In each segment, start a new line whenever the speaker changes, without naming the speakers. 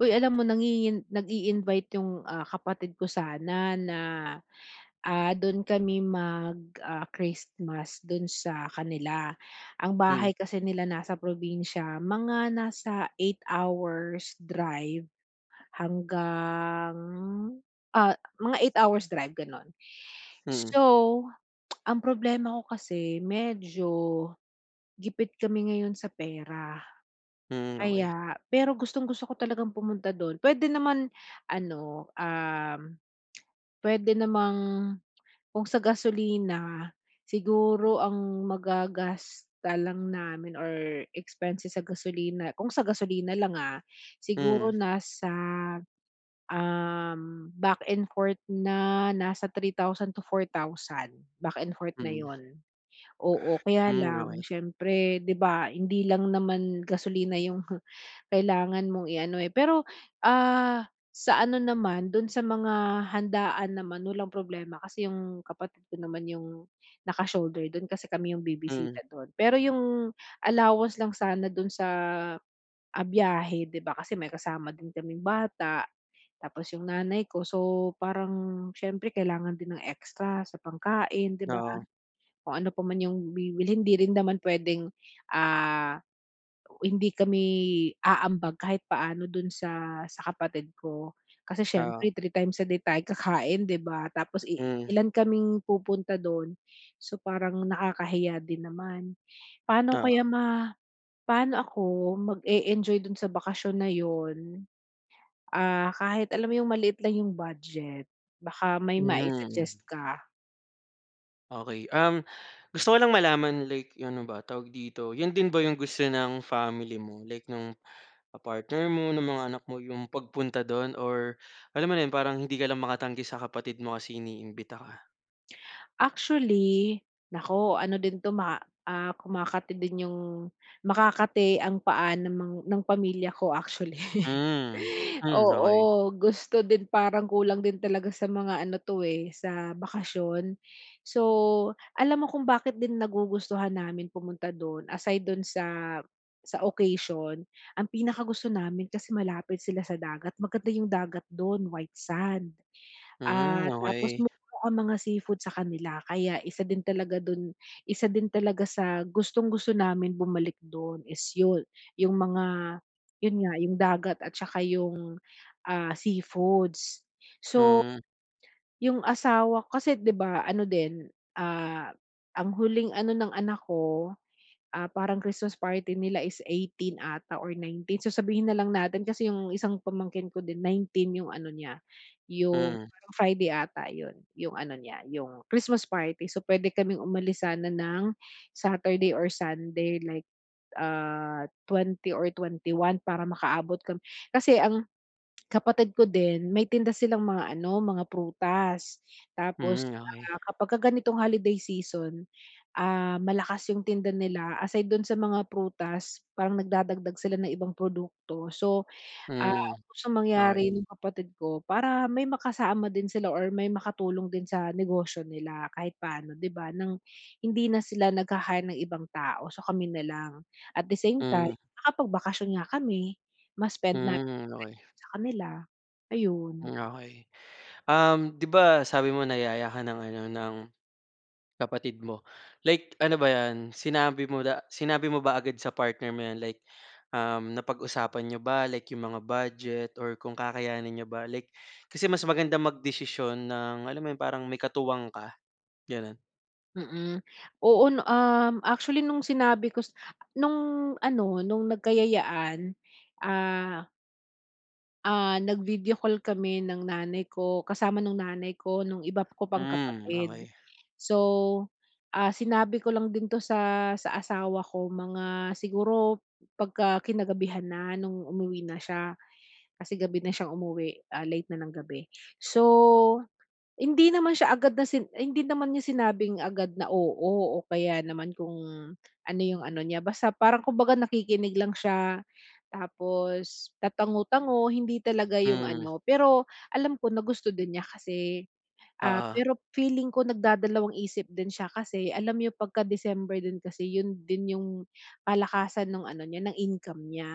Uy, alam mo nangingin nagi-invite yung, ah, kapatid ko sana na, ah, dun kami mag, ah, Christmas dun sa kanila. Ang
Hmm.
bahay kasi nila nasa probinsiya. Mga nasa 8 hours drive hanggang, ah, mga 8 hours drive gano'n.
Mm.
So, ang problema ko kasi medyo gipit kami ngayon sa pera.
Mm, okey.
Kaya pero gustong-gusto ko talagang pumunta dun puwede naman ano, um, puwede namang kung sa gasolina siguro ang magagasta lang namin or expenses sa gasolina, kung sa gasolina lang ah. Siguro
Mm.
nasa, um, back and forth na nasa 3,000 to 4,000 back and forth na
Mm.
yun. Oo kaya
Hmm,
lang
okey.
siyempre di ba, hindi lang naman gasolina yung kailangan mong iano, eh. Pero, ah, sa ano naman dun sa mga handaan naman, walang problema kasi yung kapatid ko naman yung naka shoulder dun kasi kami yung
Mm.
bibisita do'n. Pero 'yong allowance lang sana dun sa, ah, biyahe 'di ba, kasi may kasama din kaming bata, tapos 'yong nanay ko, so parang siyempre kailangan din ng extra sa pangkain 'di ba
Oo.
kung ano pa yung bibihin 'di rin naman puwedeng, ah, hindi kami aambag kahit paano dun sa sa kapatid ko. Kasi
Oo.
siyempre 3 times a day tayo kakain, 'di ba? Tapos i
Mm.
ilan kaming pupunta doon, so parang nakakahiya din naman. Paano kaya
Oo.
ma paano ako mag-e-enjoy doon sa bakasyon na 'yon, ah, kahit alam mo yung maliit lang yung budget? Baka may
Mm.
mai-suggest ka.
Okey. Um, gusto ko lang malaman, like 'yong, ano ba tawag dito, 'yon din ba 'yong gusto ng family mo, like no'ng, ah, partner mo, ng mga anak mo, 'yong pagpunta do'n or alam mo na 'yon, parang hindi ka lang makatanggi sa kapatid mo kasi iniimbita ka?
Actually, naku, ano din 'to ma ah, kumakati din 'yong makakati ang paa ng mang ng pamilya ko, actually.
Hmm. Hmm, okey.
Oo, gusto din, parang kulang din talaga sa mga ano 'to, eh, sa bakasyon. So, alam mo kung bakit din nagugustuhan namin pumunta do'n, aside do'n sa sa occasion, ang pinakagusto namin kasi malapit sila sa dagat, maganda 'yong dagat do'n white sand.
Hmm,
Ah, tapos
okey.
mura ang mga seafood sa kanila kaya isa din talaga do'n isa din talaga sa gustong-gusto namin bumalik do'n is 'yon, 'yong mga 'yon nga 'yong dagat at saka 'yong, ah, seafoods. So,
Mm.
'yong asawa kasi, 'di ba, ano din, ah, ang huling ano ng anak ko, ah, parang Christmas party nila is 18 'ata or 19, so sabihin na lang natin kasi 'yong isang pamangkin ko din 19 'yong ano niya, 'yong
Mhm.
parang Friday 'ata 'yon, 'yong ano niya 'yong Christmas party. So, puwede kaming umalis sana ng Saturday or Sunday like, ah, 20 or 21 para makaabot kami. Kasi ang, kapatid ko din may tinda silang mga ano, mga prutas tapos,
Hmm, okay.
ah, kapagka ganitong holiday season, ah, malakas 'yong tinda nila, aside do'n sa mga prutas parang nagdadagdag sila ng ibang produkto. So, ah,
Hmm.
gustong
Okey.
mangyari ng kapatid ko para may makasama din sila or may makatulong din sa negosyo nila kahit paano, 'di ba, nang hindi na sila nagha-hire ng ibang tao, so kami na lang. At the same time,
Mm.
nakapagbakasyon nga kami, ma-spend namin 'yong
Hmm, okey.
time do'n sa kanila, ayun.
Hmm, okey. Um, 'di ba, sabi mo nayaya ka ng ano ng, kapatid mo. Like, ano ba 'yan? Sinabi mo da sinabi mo ba agad sa partner mo 'yan, like, um, napag-usapan niyo ba, like 'yong mga budget or kung kakayanin niyo ba? Like, kasi mas magandang magdesisyon ng, alam mo 'yon, parang may katuwang ka, gano'n.
Mm. Oo, 'no, um, actually nung sinabi ko s nung ano, nung nagkayayaan, ah ah, nag-video call kami ng nanay ko. Kasama nung nanay ko nung iba ko pang
Hmm,
kapatid.
okey.
So, ah, sinabi ko lang din 'to sa sa asawa ko, mga siguro pagka kinagabihan na nung umuwi na siya. Kasi gabi na siyang umuwi, ah, late na ng gabi. So, hindi naman siya agad na si hindi naman niya sinabing agad na, oo, o kaya naman kung ano yung ano niya, basta parang kumbaga nakikinig lang siya, tapos tatango-tango. Hindi talaga yung
Mm.
ano, pero alam ko na gusto din niya kasi, ah,
Oo.
pero feeling ko nagdadalawang isip din siya. Kasi alam niya pagka December din kasi, yun din yung kalakasan ng ano niya, ng income niya.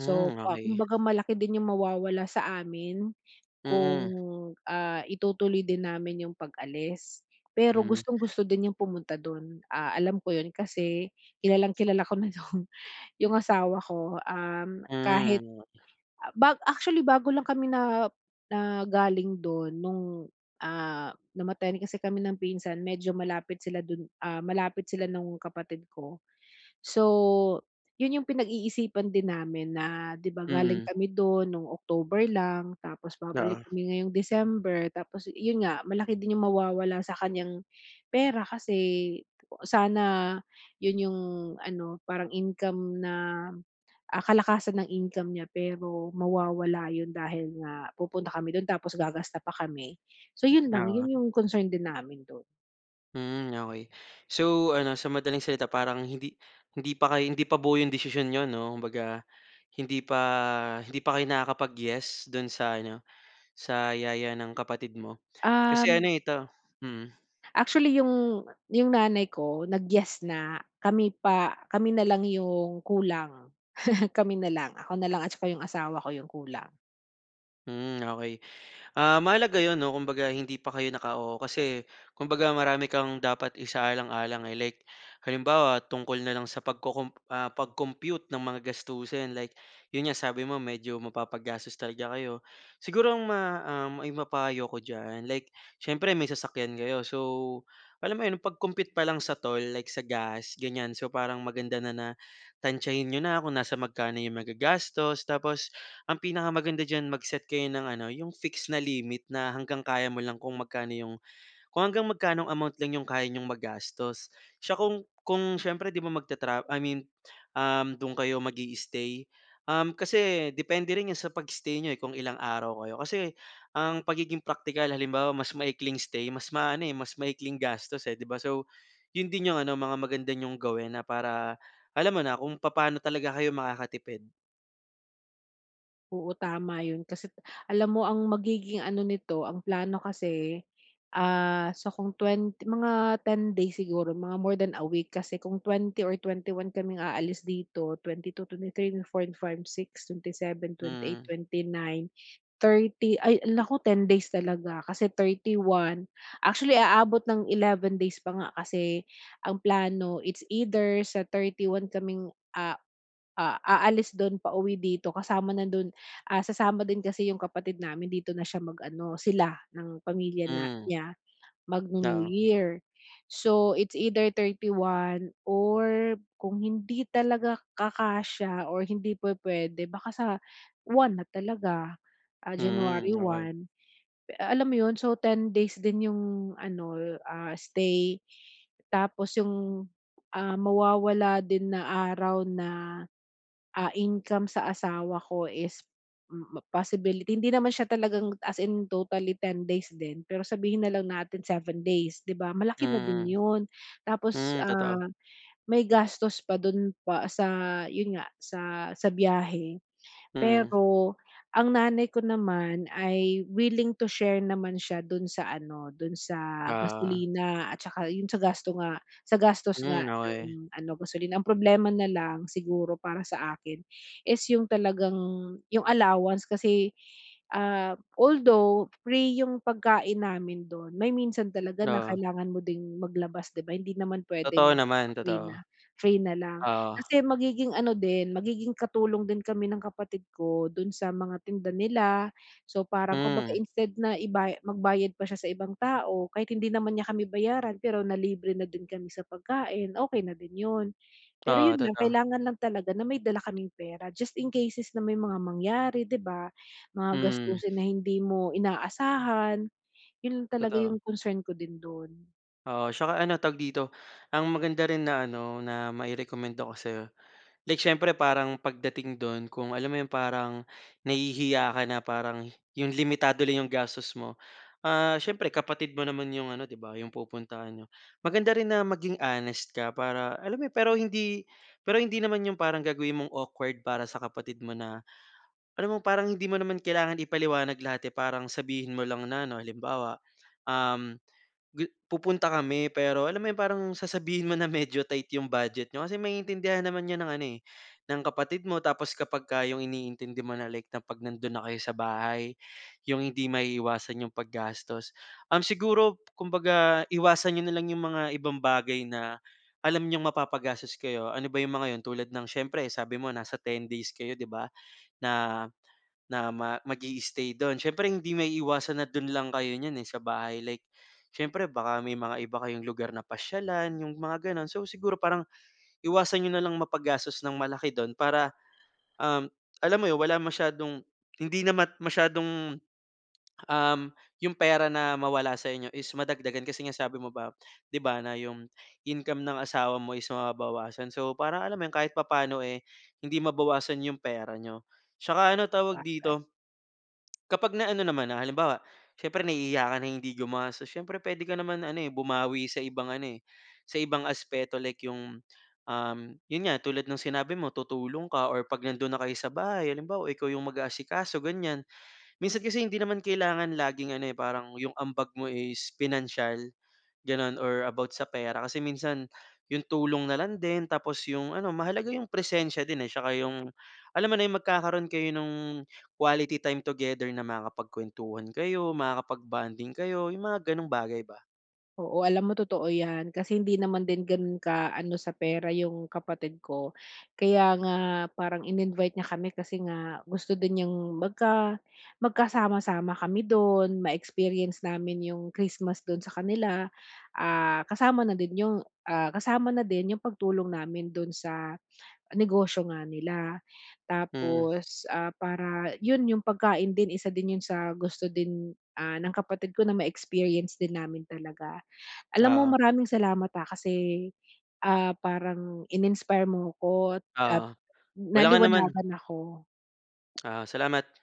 So, pa
okey.
kumbaga malaki din yung mawawala sa amin kung,
Mm.
ah, itutuloy din namin yung pag-alis. Pero
Hmm.
gustong-gusto din niyang pumunta dun. Ah, alam ko yun, kasi kilalang-kilala ko na yung yung asawa ko, um,
Mm,
kahit,
oo nga.
ah, ba actually bago lang kami na na galing dun nung, ah, namatayan kasi kami ng pinsan medyo malapit sila dun, ah, malapit sila nung kapatid ko. So, yun yung pinag-iisipan din namin na, 'di ba, galing
Mm.
kami do'n no'ng October lang, tapos babalik
Oo.
kami ngayong December. Tapos, yun nga, malaki din yung mawawala sa kanyang pera kasi sana yun yung ano, parang income na, ah, kalakasan ng income niya, pero mawawala yun dahil nga pupunta kami do'n tapos gagasta pa kami. So, yun lang.
Oo.
Yun yung concern din namin do'n.
Mm, okey. So ano, sa madaling salita, parang hindi hindi pa kayo hindi pa buo 'yong desisyon niyo 'no, kumbaga hindi pa hindi pa kayo nakakapag-yes do'n sa ano, sa yaya ng kapatid mo? Kasi ano
Um
ito mm.
Actually, yung yung nanay ko nag-yes na, kami pa kami na lang yung kulang, kami na lang, ako na lang at saka yung asawa ko yung kulang.
Mm, okey. Ah, mahalaga 'yon 'no, kumbaga hindi pa kayo naka-oo kasi kumbaga marami kang dapat isaalang-alang. Like, halimbawa tungkol na lang sa pag-co-comp ah, pag-compute ng mga gastusin, like 'yon nga sabi mo medyo mapapagastos talaga kayo. Siguro ang ma um, maipapayo ko diyan, like siyempre may sasakyan kayo, so alam mo 'yon pag-compute pa lang sa toll, like sa gas gan'yan, so parang maganda na, na tansyahin niyo na kung nasa magkano 'yong magagastos. Tapos ang pinakamaganda diyan mag-set kayo ng ano 'yong fix na limit na hanggang kaya mo lang kung magkano 'yong, kung hanggang magkanong amount lang 'yong kaya niyong magastos. Siya kung kung siyempre 'di ba, magtratra I mean, um, do'n kayo mag-i-stay, um, kasi depende rin sa pag-stay niyo, eh, kung ilang araw kayo, kasi ang pagiging praktikal halimbawa mas maikling stay, mas maano, eh, mas maikling gastos eh, 'di ba? So, yun din yung ano mga maganda niyong gawin na para alam mo na kung papaano talaga kayo makakatipid.
Oo, tama 'yon. Kasi t alam mo ang magiging ano nito, ang plano kasi, ah, so kung twen mga 10 days siguro, mga more than a week kasi kung 20 or 21 kaming aalis dito, twenty-two, twenty-three, twenty-four, twenty-five, twenty-six, twenty-seven, twenty-eight,
Hmm.
twenty-nine, thirty, ay, naku 10 days talaga kasi 31. Actually, aabot ng 11 days pa nga kasi ang plano, it's either sa 31 kaming, a a aalis do'n pauwi dito kasama na do'n ah, sasama din kasi yung kapatid namin, dito na siya mag-ano sila ng pamilya na
Hmm.
niya magnu-New
Oo.
Year. So, it's either 31 or kung hindi talaga kakasiya or hindi pu-puwede baka sa 1 na talaga, ah,
Mm,
January
okey.
1. Eh, alam mo 'yon. So, 10 days din yung ano, ah, stay tapos yung, ah, mawawala din na araw na, ah, income sa asawa ko is m possibility hindi naman siya talagang as in totally 10 days din, pero sabihin na lang natin 7 days, 'di ba, malaki na din
Mm, mm.
'yon. Tapos,
Hmm, totoo.
ah, may gastos pa dun pa sa, yun nga sa, sa biyahe.
Mm.
Pero, ang nanay ko naman ay willing to share naman siya dun sa ano, dun sa
Oo.
gasolina at tsaka yun sa gasto nga sa gastos nga
Mm, okey.
nung ano, gasolina. Ang problema na lang siguro para sa akin is yung talagang yung allowance kasi, ah, although free yung pagkain namin dun, may minsan talaga na
Oo.
kailangan mo ding maglabas, 'di ba, hindi naman
Totoo
puwedeng
naman,
dahil free
totoo.
na, free na lang.
Oo.
Kasi magiging ano din, magiging katulong din kami ng kapatid ko dun sa mga tinda nila so, parang kumbaga
Hmm.
instead na ibay magbayad pa siya sa ibang tao kahit hindi naman niya kami bayaran, pero nalibre na din kami sa pagkain, okey na din 'yon. Pero
Oo,
yun lang,
totoo.
kailangan lang talaga na may dala kaming pera just in cases na may mga mangyari, 'di ba, mga
Mm.
gastusin na hindi mo inaasahan. Yun lang talaga
Totoo.
yung concern ko din dun.
Oo. Tsaka ano tawag dito, ang maganda rin na ano, na mai-rekomenda ko sa‘yo, like siyempre, parang pagdating do’n kung alam mo ‘yong parang nahihiya ka na parang ‘yong limitado lang ‘yong gastos mo. Ah, siyempre, kapatid mo naman ‘yong ano, ‘di ba, ‘yong pupuntahan niyo. Maganda rin na maging honest ka para alam mo ‘yon. Pero hindi pero hindi naman ‘yong parang gagawin mong awkward para sa kapatid mo na alam mo, parang hindi mo naman kailangan ipaliwanag lahat, eh, parang sabihin mo lang na ano, halimbawa, um, gu pupunta kami, pero alam mo ‘yong parang sasabihin mo na medyo tight ‘yong budget niyo kasi maintindihan naman ‘yan ng ano, eh, ng kapatid mo. Tapos kapagka ‘yong iniintindi mo na, like na ‘pag nando’n na kayo sa bahay, ‘yong hindi maiiwasan ‘yong paggastos. Um, siguro kumbaga, iwasan niyo na lang ‘yong mga ibang bagay na alam niyong mapapagastos kayo. Ano ba ‘yong mga ‘yon? Tulad ng siyempre, sabi mo, nasa 10 days kayo, ‘di ba, na na ma mag i-i-stay do’n. Siyempre, hindi maiiwasan na do’n lang kayo niyan, eh, sa bahay, like siyempre, baka may mga iba kayong lugar na pasyalan, yung mga gano'n. So, siguro parang iwasan niyo na lang mapagastos nang malaki dun para, um, alam mo ‘yon, wala masyadong hindi naman masyadong, um, yung pera na mawala sa inyo, is madagdagan kasi nga sabi mo ba ‘di ba, na ‘yong income ng asawa mo is mababawasan. So, para alam mo ‘yon kahit papaano, eh, hindi mabawasan ‘yong pera niyo. Tsaka ano tawag
Sabagay.
dito, kapag na ano naman na, halimbawa, siyempre nahihiya ka na hindi gumastos. Siyempre puwede ka naman ano, eh, bumawi sa ibang ano, eh, sa ibang aspeto. Like ‘yong, um, ‘yon nga, tulad ng sinabi mo, tutulong ka or ‘pag nando’n na kayo sa bahay, halimbawa ikaw ‘yong mag-aasikaso, ganyan. Minsan kasi, hindi naman kailangan laging ano, eh, parang ‘yong ambag mo is pinansiyal gano’n or about sa pera kasi minsan ‘yong tulong na lang din. Tapos ‘yong ano, mahalaga ‘yong presensiya din, eh, tsaka ‘yong alam mo na, yung magkakaroon kayo nung quality time together na makakapagkwentuhan kayo, makakapag bonding kayo, yung mga gano'ng bagay ba.
Oo, alam mo totoo 'yan. Kasi hindi naman din ganun ka ano sa pera yung kapatid ko. Kaya nga parang in-invite niya kami kasi nga gusto din niyang magka magkasama-sama kami dun, ma-experience namin yung Christmas dun sa kanila. Ah, kasama na din ‘yong, ah, kasama na din ‘yong pagtulong namin do’n sa negosyo nga nila.
Mm.
Tapos, ah, para ‘yon ‘yong pagkain din, isa din yun sa gusto din, ah, ng kapatid ko na ma-experience din namin talaga. Alam mo,
Oo.
maraming salamat ha, kasi, ah, parang in-inspire mo ‘ko at at
Oo. Walang anuman.
naliwanagan ako.
Oo, salamat.